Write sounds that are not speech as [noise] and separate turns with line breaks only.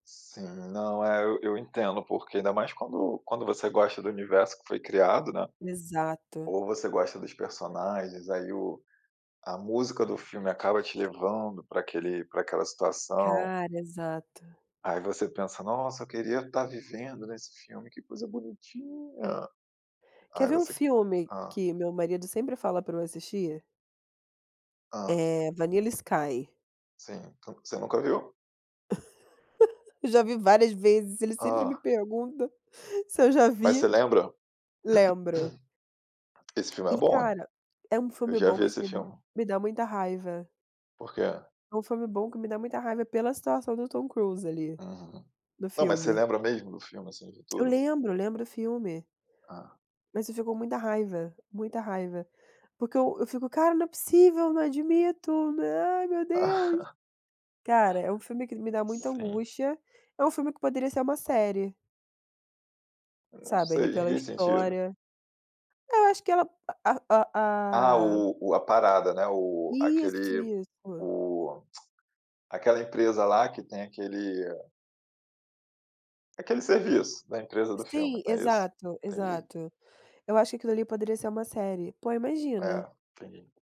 Sim. Não, é, eu eu entendo, porque ainda mais quando quando você gosta do universo que foi criado, né,
Exato.
ou você gosta dos personagens, aí o a música do filme acaba te levando pra aquele pra aquela situação.
Cara, exato.
Aí você pensa: "Nossa, eu queria estar vivendo nesse filme. Que coisa bonitinha!"
Quer
Aí
ver um
você
filme
hã.
que meu marido sempre fala pra eu assistir?
Hã.
Eh, Vanilla Sky.
Sim. Tu você nunca viu?
[laughs] Eu já vi várias vezes. Eles sempre me
Hã.
perguntam [chuckles] se eu já
Mas
vi.
você lembra?
Lembro.
[clears throat] Esse filme é
E,
bom, hein.
cara, é um
Eu
filme
já
bom,
vi
mas
esse
me dá
filme.
me dá muita raiva.
Por quê?
É um filme bom que me dá muita raiva pela situação do Tom Cruise, ali,
Uhum.
no
Não, mas você
filme.
lembra mesmo do filme, assim, de
Eu
tudo?
lembro eu lembro o filme.
Ah.
Mas eu fico com muita raiva. Muita raiva. Porque eu eu fico: "Cara, não é possível! Não admito! Nã ai, meu Deus!" Cara, é um filme que
[laughs]
me dá muita
Sim.
angústia. É um filme que poderia ser uma série.
Não
Sabe, ali
sei. Em
pela
que sentido?
história. É, eu acho que ela a a
Ah,
a a
o o a parada, né, o
Isso,
aquele
isso.
o [clicks tongue] aquela empresa lá, que tem aquele aquele serviço da empresa do filme,
Sim.
né isso?
Exato,
Entendi.
exato. Eu acho que aquilo ali poderia ser uma série. Pô, imagina.
É. Entendi.